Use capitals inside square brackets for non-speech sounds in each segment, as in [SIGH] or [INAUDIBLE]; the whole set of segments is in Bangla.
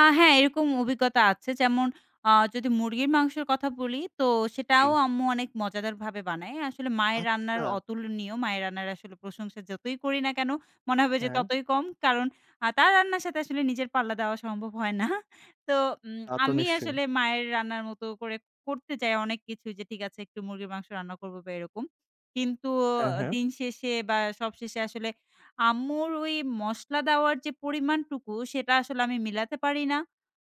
আ হ্যাঁ এরকম অভিজ্ঞতা আছে। যেমন, আ যদি মুরগির মাংসের কথা বলি, তো সেটাও জ্বি। আম্মু অনেক মজাদারভাবে বানায়। আসলে মায়ের রান্নার আচ্ছা। অতুলনীয়। মায়ের রান্নার আসলে প্রশংসা যতই করি না কেনো, মনে হবে যে হ্যাঁ। ততই কম। কারণ আ তার রান্নার সাথে আসলে নিজের পাল্লা দেওয়া সম্ভব হয় না। তো উ তা তো আমি নিশ্চয়ই। আসলে মায়ের রান্নার মত করে করতে চাই অনেক কিছু যে ঠিক আছে একটু মুরগির মাংস রান্না করব বা এরকম। কিন্তু হ্যাঁ, অ হ্যাঁ। দিন শেষে বা সব শেষে আসলে আম্মুর ওই মসলা দেওয়ার যে পরিমাণটুকু সেটা আসলে আমি মিলাতে পারি না।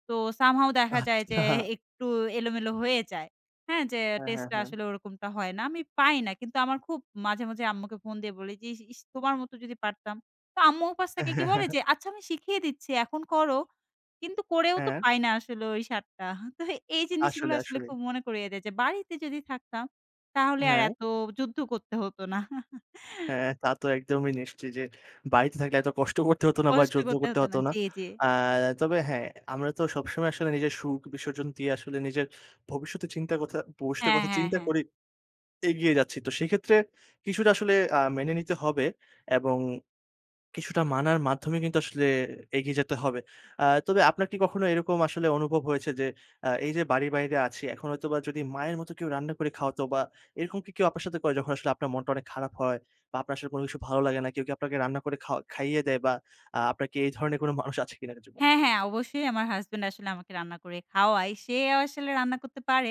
তো some how দেখা যায় যে আচ্ছা। একটু এলোমেলো হয়ে যায়। হ্যাঁ, যে হ্যাঁ, টেস্ট হ্যাঁ, টা হ্যাঁ। আসলে ওরকমটা হয় না। আমি পাই না। কিন্তু আমার খুব মাঝে, মাঝে আম্মুকে ফোন দিয়ে বলি যে, "ই ইস্! তোমার মতো যদি পারতাম।" তো আম্মু ওপাশ থেকে কি বলে যে, [CHUCKLES] "আচ্ছা আমি শিখিয়ে দিচ্ছি এখন করো।" কিন্তু করেও তো হ্যাঁ। পাই না আসলে ওই স্বাদটা। তো এই জিনিসগুলো আসলে, আসলে আসলেই। খুব মনে করিয়ে দেয় যে বাড়িতে যদি থাকতাম, তাহলে আর হ্যাঁ। এত যুদ্ধ করতে হত না। [CHUCKLES] হ্যাঁ, তা তো একদমই নিশ্চয় যে, বাড়িতে থাকলে এত কষ্ট করতে হতো না বা কষ্ট যুদ্ধ করতে করতে হত হত না। না। জি, জি। এ্যাঁ তবে হ্যাঁ, আমরা তো সবসময় আসলে নিজের সুখ বিসর্জন দিয়ে আসলে নিজের ভবিষ্যতের চিন্তা কথা পুরুষের হ্যাঁ, কথা হ্যাঁ, চিন্তা হ্যাঁ। করি এগিয়ে যাচ্ছি। তো সেক্ষেত্রে কিছুটা আসলে আ মেনে নিতে হবে এবং কিছুটা মানার মাধ্যমে কিন্তু আসলে এগিয়ে যেতে হবে। আ তবে আপনার কি কখনো এরকম আসলে অনুভব হয়েছে যে আ এই যে বাড়ির বাইরে আছি এখন হয়তোবা যদি মায়ের মতো কেউ রান্না করে খাওয়াত বা এরকম কি কেউ আপনার সাথে করে যখন আসলে আপনার মনটা অনেক খারাপ হয় বা আপনার আসলে কোনো কিছু ভালো লাগে না, কেউ কি আপনাকে রান্না করে খাওয়া খাইয়ে দেয়? বা আপনার কি এই ধরনের কোনো মানুষ আছে কিনা জীবনে? হ্যাঁ, হ্যাঁ। অবশ্যই আমার হাসব্যান্ড আসলে আমাকে রান্না করে খাওয়ায়। সে আসলে রান্না করতে পারে।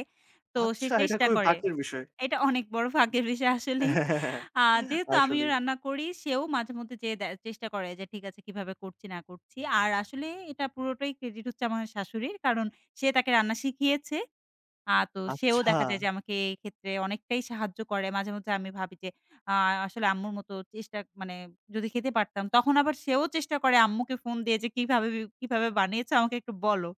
তো সে আচ্ছা, এটা চেষ্টা খুবই করে। ভাগ্যের বিষয়। এটা অনেক বড় ভাগ্যের বিষয় আসলেই। [CHUCKLES] আ যেহেতু আমিও আসলেই। রান্না করি, সেও মাঝে মধ্যে যেয়ে দে চেষ্টা করে যে ঠিক আছে কিভাবে করছি না করছি। আর আসলে এটা পুরোটাই ক্রেডিট হচ্ছে আমার শাশুড়ির। কারণ, সে তাকে রান্না শিখিয়েছে। আ তো সেও আচ্ছা। দেখা যায় যে আমাকে এই ক্ষেত্রে অনেকটাই সাহায্য করে। মাঝে, মাঝে আমি ভাবি যে, আ আসলে আম্মুর মত চেষ্টা মানে যদি খেতে পারতাম তখন আবার সেও চেষ্টা করে আম্মুকে ফোন দিয়ে যে, "কিভাবে, কিভাবে বানিয়েছো? আমাকে একটু বলো।"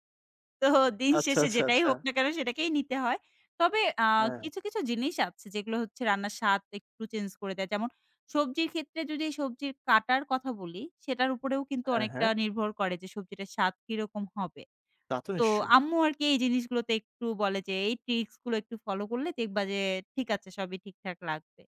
তো দিন আচ্ছা, শেষে আচ্ছা, যেটাই আচ্ছা। হোক না কেনো সেটাকেই নিতে হয়। তবে আ হ্যাঁ। কিছু, কিছু জিনিস আছে, যেগুলো হচ্ছে রান্নার স্বাদ একটু চেঞ্জ করে দেয়। যেমন সবজির ক্ষেত্রে যদি সবজির কাটার কথা বলি, সেটার উপরেও কিন্তু হ্যাঁ, অনেকটা হ্যাঁ। নির্ভর করে যে সবজিটা স্বাদ কিরকম হবে। তা তো তো নিশ্চয়ই। আম্মু আরকি এই জিনিসগুলোতে একটু বলে যে, "এই ট্রিকস গুলো একটু ফলো করলে দেখবা যে ঠিক আছে সবই ঠিকঠাক লাগবে।"